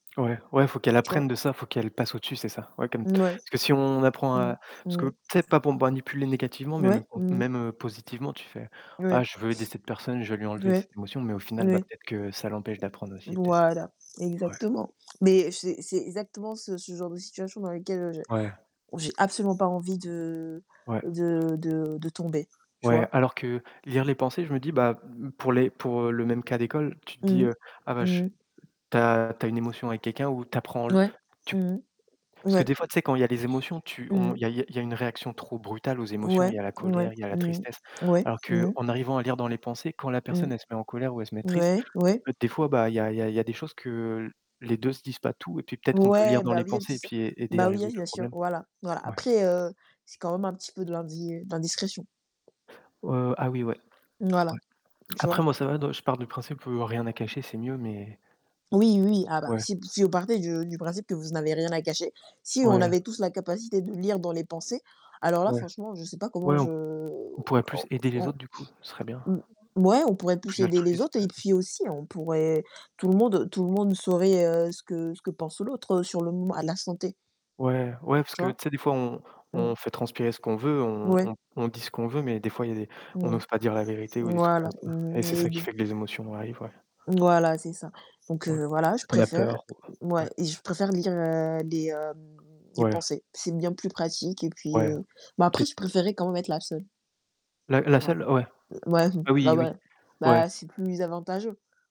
Ouais, ouais, il faut qu'elle Tu vois? apprenne de ça, il faut qu'elle passe au-dessus, c'est ça. Ouais comme Ouais. parce que si on apprend Mmh mh. à parce que Mmh mh. peut-être pas pour manipuler négativement, mais Ouais, même quand mmh mh. même positivement, tu fais: «Ah, Ouais. je veux aider cette personne, je vais lui enlever Oui, cette émotion», mais au final, bah, oui. peut-être que ça l'empêche d'apprendre aussi, peut-être, Voilà. ouais, ouais. Exactement, mais c'est c'est exactement ce ce genre de situation dans lesquelles j'ai Ouais. où j'ai j'ai absolument pas envie de Ouais. de de de tomber. Tu Ouais, vois? alors que lire les pensées, je me dis, bah, mmh, pour les pour le même cas d'école, tu te dis, Mmh. heu, «ah bah, Mmh je mh. tu as tu as une émotion avec quelqu'un ou tu apprends Ouais. tu» Mmh mh. parce que ouais. des fois tu sais, quand il y a les émotions, tu Mmh on mh. il y a il y a une réaction trop brutale aux émotions. Ouais, Il y a la ouais, colère, il y a la Mmh mh. tristesse. Ouais, Alors mmh mh. qu'en arrivant à lire dans les pensées, quand la Mmh mh. personne elle se met en colère ou elle se met triste, tu Ouais, ouais. peux des fois, bah, il y a il y a il y a des choses que les 2 se disent pas tout et puis peut-être, qu'on peut lire Ouais, dans bah les oui, un pensées petit et ça. puis aider à Bah oui, hein, résoudre le bien sûr, problème, voilà, voilà. ouais. Après heu, c'est quand même un petit peu de l'indi l'indiscrétion. Heu, ah oui, ouais, Voilà, ouais. tu Après vois? moi ça va, de je pars du principe que rien à cacher, c'est mieux, mais Oui, oui, ah bah, Ouais. si si vous partez de du principe que vous n'avez rien à cacher, si on Ouais. avait tous la capacité de lire dans les pensées, alors là, Ouais, franchement, je sais pas comment ouais, je on pourrait on plus aider les on autres du coup, ce serait bien. mmh, ouais, on pourrait plus Plus aider les altruiste, autres heu et puis aussi on pourrait tout le monde tout le monde saurait, heu, ce que ce que pense l'autre sur le moment à l'instant T. Ouais, ouais parce Tu que tu vois? sais des fois, on Mmh on mh. fait transpirer ce qu'on veut, on Ouais. on on dit ce qu'on veut, mais des fois il y a des on Mmh mh. n'ose pas dire la vérité ou des trucs Voilà, comme ça mmh et mh, c'est ça qui aider. fait que les émotions arrivent, ouais. Voilà, c'est ça donc Ouais, heu, voilà, je parce qu'on a préfère peur, ou heu ouais ouais. et je préfère lire, heu, les, hem, les Ouais. pensées. C'est bien plus pratique et puis Ouais, bah, après, peut-être je préférais quand même être la seule. La la Ouais. seule ouais Heu, ouais, mmh, ah bah oui, oui, ouais. ouais. Bah, c'est plus avantageux.